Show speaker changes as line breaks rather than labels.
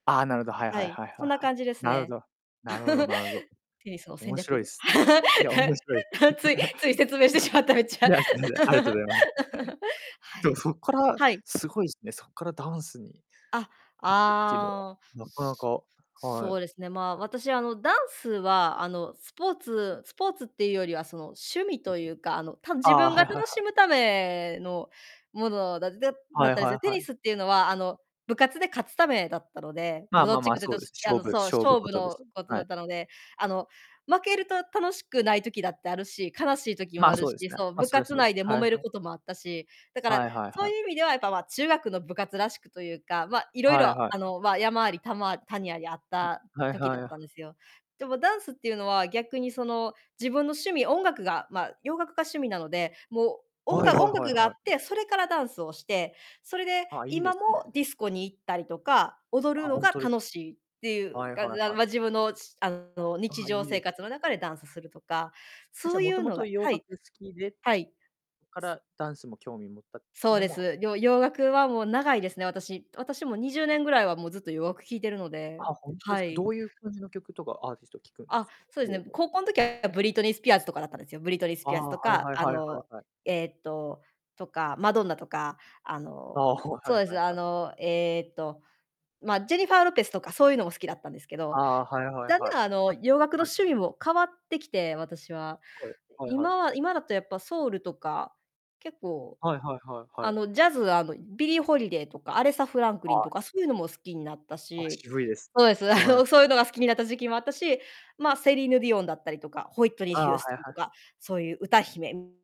ああ、なるほど、はい
は
はい
い、
はいは
そ
い
んな
はい。
感じです
なるほ
ね。
ど。なるほどなるほど。
テニスの戦
面白
略
いす。いや、面白い。
ついつい、説明してしまった、め っち
い
ゃ。
や、いや、すみません。ありがとう ございます。
は
ちょ、
い。
そっから
はい。
すごいすね、そっからダンスに
あ、
行くっていうのは
ああ。
なかな
す
かは
そう
い。
ですね。まあ、私、あの、ダンスは、あの、スポーツスポーツってゆうよりは、その、趣味とゆうか、あの、たぶん
あ
自
あ、
分が
はいはいは
楽し
い。
むためのものだでだ
は
っ
い
たんで
は
す。テ
いは
ニ
い。
スってゆうのは、あの、部活で、勝つためだったので、
ま
武
あま
道
あ
チ
ま
ッ
あ、
クで、
そ
どう
う
し
で
い
す。
や、あ
勝
の、
負
そう、
勝負
勝負
事で
の
す。
ことだ
は
っ
い。
たので、あの、負けると楽しくない時だってあるし、悲しい時も
ま
あ
あ、
る
そう
し、
ですね。
そう、
ま、
部
それは
活
そうで
内
す。
で
は
揉
いは
める
い。
こともあったし、だから、
はいはい
そ
は
う
い。
ゆう意味ではやっぱ、ま、中学の部活らしくとゆうか、ま、色
はいは
々、
い。は
あ
い。
の、まあ、山ありたま谷ありあった
ん。はい
時
は
だっ
い、
たん
あ。
ですよ。でもダンスっていうのは、逆に、その、自分の趣味、音楽がま、洋楽が趣味なので、もう、おん
はいは
が音
いはい
楽があっ
はい。
て、それからダンスをして、それで
あ、いいで
今
す
も
ね。
ディスコに行ったりとか、踊
あ、
るの
ほん
が
とです
楽しいってゆ
は
う
い
感
はい
じあ、
はい。
ま、自分の、しゅあの、
あ
日
あ、
常
いい
生
です
活
ね。
の中でダンスするとか、
あ、
そ
じゃ、
う
も
ゆ
と
う
も
のが
と洋
は
楽
い。
好きで
はい。
から、ダンスも興味持ったって
そ
いう
う
の
で
も
す。よ
ある
洋楽はもう長いですね、私。私も20年ぐらいは、もうずっと洋楽聴いてるので。
あ、ほんとで
は
すか。
い。
どうゆう感じの曲とかアーティスト聴くんで
あ、
すか、
そうで
よ
す
う
ね、
が
高校ん時はブリトニー・スピアーズとかだったんですよ。ブリトニー・ス
あ
ピアーズ
あ、
と
はい
か、
はい
あ
はいはい
の、
はい。
ええと、とか、マドンナとか、あの
ああ、ほう、
そ
は
う
い
で
は
す、
い
あ
はい。
の、ええと、ま、ジェニファー・ロペスとか、そうゆうのも好きだったんですけ
あ
ど。
あ、はいはい
だん
は
だ
い。
ん、あの、
あ、
洋楽の
はい。
趣味も変わってきて、私は。
はい、はいはい。
今は今だとやっぱソウルとか、結構、
はいはいはいは
あ
い。
の、ジャズあの、ビリー・ホリデイとか、アレサ・フランクリン
は
と
い。
か、そうゆのも好きになった
あ、
し。
渋いです。
そうです、あ
はい。
の、そうゆのが好きになった時期もあったし、ま、セリーヌ・ディオンだったりとか、ホイットニー・
あ
ヒ
あ、
ュー
は
スト
い
ン
は
と
い。
か、そうゆう歌姫